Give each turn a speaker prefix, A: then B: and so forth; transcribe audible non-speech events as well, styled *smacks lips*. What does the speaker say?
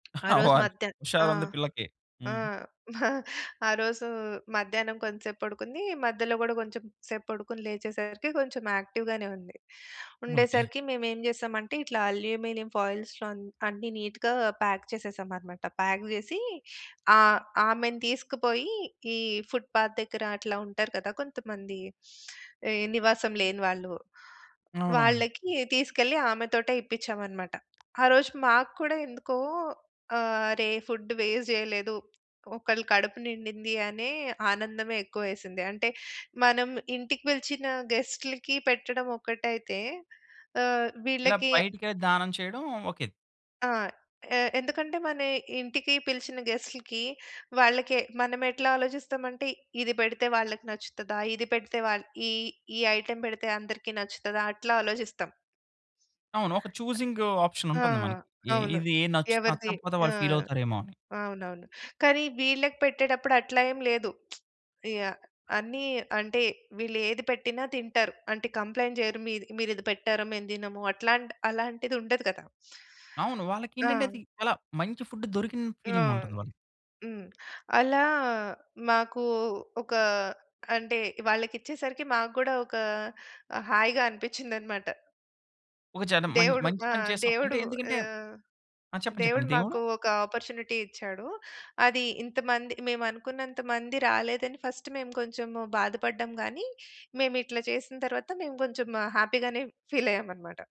A: *chuckles*
B: ఆ రోజు
A: అవునా అండి.
B: మధ్యా ఆ!
A: హుషారుంది పిల్లకి.
B: ఆ!
A: హ్మ్.
B: *chuckles* మా ఆ రోజు మధ్యాహ్నం కొంతసేపు పడుకుంది. మధ్యలో గూడా కొంచెం సేపు పడుకొని, లేచేసరికి కొంచెం యాక్టివ్‌గానే ఉంది.
A: ఓకే.
B: ఉండేసరికి మేమేం జేసాం అంటే, ఇట్లా అల్యూమినియం ఫాయిల్స్‌లో అన్ అన్నీ నీట్‌గా ప్యాక్ చేసేసామన్నమాట. ప్యాక్ జేసి ఆహ్, ఆమెను తీసుకుపోయి ఈ ఫుట్‌పాత్ దగ్గర అట్లా ఉంటారు కదా! కొంతమంది. ఎ నివాసం లేని వాళ్ళు.
A: అవునవును.
B: వాళ్ళకి తీసుకెళ్ళి ఆమెతోటే ఇప్పిచ్చామన్నమాట. ఆరోజు మాకు కూడా ఎందుకో, "ఆరే! ఫుడ్ వేస్ట్ జేయలేదు. ఒకొళ్ళ కడుపు నిండింది" అనే ఆనందమే ఎక్కువేసింది. అంటే మనం ఇంటికి బిలిచిన గెస్టులకి పెట్టడం ఒకటైతే ఆహ్,
A: ఇలా
B: వీళ్ళకి
A: బయటికె దానం చేయడం. ఓకే.
B: ఆ! ఎ ఎందుకంటే మన ఇంటికి పిలిచిన గెస్టులకి, వాళ్ళకి మనమెట్లా ఆలోచిస్తామంటే ఇది బెడితే వాళ్ళకి నచ్చుతదా? ఇది పెడితే వాల్ ఈ ఈ ఐటెమ్ బెడితే అందరికి నచ్చుతదా? అట్లా ఆలోచిస్తాం.
A: అవును. ఒక చూసింగ్
B: ఆ!
A: ఆప్షనుంటుంది మనకి. ఎ
B: అవును.
A: ఇది నచ్చి
B: ఎవరిది
A: నచ్చకపోతే
B: ఆ!
A: వాళ్ళు ఫీల‌వుతారేమో అని.
B: అవునవును. కానీ వీళ్ళకి పెట్టేటప్పుడట్లా ఏం లేదు. *smacks lips* ఇగ అన్ని అంటే వీళ్లేది పెట్టినా తింటారు. అంటే కంప్లెయింట్ జేయరు. మీద్ మీరిది పెట్టారు. మేము దినము అట్లాంటి అలాంటిదుండదు గదా!
A: అవును. వాళ్ళకేంటంటే అది
B: ఆ!
A: చాలా మంచి ఫుడ్ దొరికిన
B: ఆ!
A: ఫీలింగుంటుంది వాళ్ళకి.
B: హ్మ్. అలా మాకు ఒక అంటే, వాళ్ళకిచ్చేసరికి మాకు గూడా ఒక ఆహ్, హాయిగా అనిపించిందన్నమాట.
A: ఒక చెడ మంచ్
B: దేవుడు,
A: మంచి
B: ఆ!
A: పని చేసాం
B: దేవుడు
A: అంటే ఎందుకంటే
B: ఆహ్,
A: ఆ! చెప్పండి.
B: దేవుడు
A: చెప్పండి.
B: మాకు
A: దేవుడు
B: ఒక అపార్చునిటీ ఇచ్చాడు. అది ఇంతమంది మేమనుకున్నంత మంది రాలేదని ఫస్ట్ మేం కొంచెం బాధపడ్డం గానీ, మేమిట్ల జేసిన తరువాత మేము కొంచెం హ్యాపీగానే ఫీల్ అయ్యామన్నమాట.